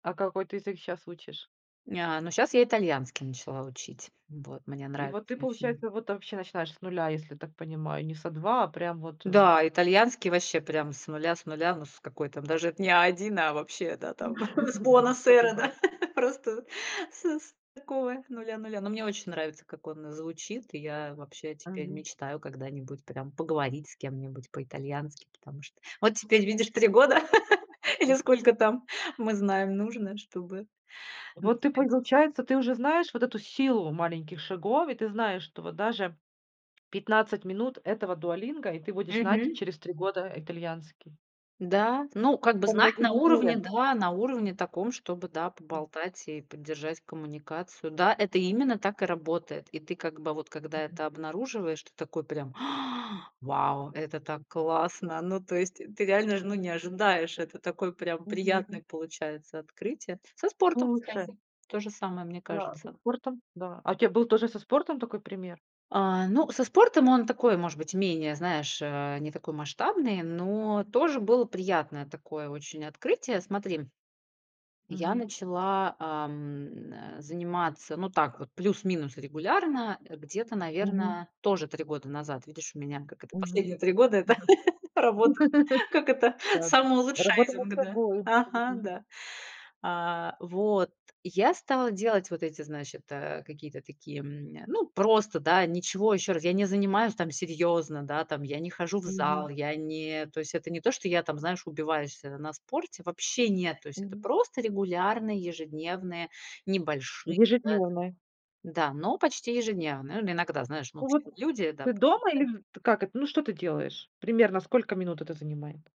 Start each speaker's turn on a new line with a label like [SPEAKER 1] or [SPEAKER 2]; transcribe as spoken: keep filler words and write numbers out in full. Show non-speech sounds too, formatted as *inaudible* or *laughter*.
[SPEAKER 1] А какой ты язык щас учишь?
[SPEAKER 2] Ня ага, ну, щас я итальянский начала учить, вот, мне
[SPEAKER 1] И
[SPEAKER 2] нравится,
[SPEAKER 1] вот ты,
[SPEAKER 2] я очень
[SPEAKER 1] получается, вот вообще начинаешь с нуля, если я так понимаю, не с а два, а прям вот, э
[SPEAKER 2] Да, итальянский ваще прям с нуля с нуля. Ну с какой там, даже это не а один, а вообще, да, там
[SPEAKER 1] Уже
[SPEAKER 2] *chuckles* с buona
[SPEAKER 1] могу, с по
[SPEAKER 2] sera
[SPEAKER 1] губам.
[SPEAKER 2] да, *chuckles* просто с с такого нуля нуля. Но мне очень нравится, как он звучит, и я вообще теперь
[SPEAKER 1] Мгм.
[SPEAKER 2] мечтаю когда-нибудь прям поговорить с кем-нибудь по-итальянски, потому что вот теперь, видишь, три года *laughs* или сколько там, мы знаем, нужно, чтобы, ну,
[SPEAKER 1] Вот
[SPEAKER 2] с
[SPEAKER 1] ты,
[SPEAKER 2] пять.
[SPEAKER 1] получается, ты уже знаешь вот эту силу маленьких шагов, и ты знаешь, что вот даже пятнадцать минут этого "Дуолинго", и ты будешь знать
[SPEAKER 2] Мгм.
[SPEAKER 1] через три года итальянский.
[SPEAKER 2] Да, ну
[SPEAKER 1] П
[SPEAKER 2] как бы
[SPEAKER 1] по
[SPEAKER 2] знать на
[SPEAKER 1] многим и
[SPEAKER 2] уровне,
[SPEAKER 1] верят.
[SPEAKER 2] да, на уровне таком, чтобы, да,
[SPEAKER 1] М.
[SPEAKER 2] поболтать и поддержать коммуникацию. Да, это именно так и работает. И ты как бы вот когда
[SPEAKER 1] Мгм.
[SPEAKER 2] это обнаруживаешь, ты такой прям: *gasps* "Вау, это так классно!" Ну, то есть, ты реально ж, ну, не ожидаешь. Это такое прям
[SPEAKER 1] Мгм мгм.
[SPEAKER 2] приятное получается открытие. Со
[SPEAKER 1] Ну
[SPEAKER 2] спортом,
[SPEAKER 1] лучше.
[SPEAKER 2] кстати, то же самое, мне
[SPEAKER 1] Да, со
[SPEAKER 2] кажется.
[SPEAKER 1] спортом. Да, а у тебя был тоже со спортом такой пример?
[SPEAKER 2] А, ну, со спортом он такой, может быть, менее, знаешь, э, не такой масштабный, но тоже было приятное такое очень открытие. Смотри, я
[SPEAKER 1] Мгм.
[SPEAKER 2] начала, ам, н, э, заниматься, ну, так вот, плюс-минус регулярно, э, где-то,
[SPEAKER 1] Мгм.
[SPEAKER 2] наверно, тоже три года назад. Видишь, у меня, как это,
[SPEAKER 1] Мгм,
[SPEAKER 2] последние три года- это
[SPEAKER 1] мгм.
[SPEAKER 2] *chuckles* работа,
[SPEAKER 1] *chuckles*
[SPEAKER 2] как это,
[SPEAKER 1] Да, работа над
[SPEAKER 2] самоулучшайзинг, да.
[SPEAKER 1] собою.
[SPEAKER 2] Ага,
[SPEAKER 1] Мгм.
[SPEAKER 2] да. А, вот, я стала делать вот эти, значит, э, какие-то такие, м, ну, просто, да, ничего, ещё раз, я не занимаюсь там серьёзно, да, там, я не хожу в
[SPEAKER 1] Мгм.
[SPEAKER 2] зал, я не то есть это не то, что я там, знаешь, убиваюсь, э, на спорте, вообще нет. То есть это
[SPEAKER 1] Мгм.
[SPEAKER 2] просто регулярные ежедневные небольшие, да, там.
[SPEAKER 1] Ежедневный.
[SPEAKER 2] Да, но почти ежедневные. Ну, иногда, знаешь, ну,
[SPEAKER 1] Ну
[SPEAKER 2] все
[SPEAKER 1] вот
[SPEAKER 2] мы люди. Да,
[SPEAKER 1] ты
[SPEAKER 2] па.
[SPEAKER 1] дома или
[SPEAKER 2] *unintelligible*
[SPEAKER 1] вт как это? Ну что ты делаешь? Примерно сколько минут это занимает?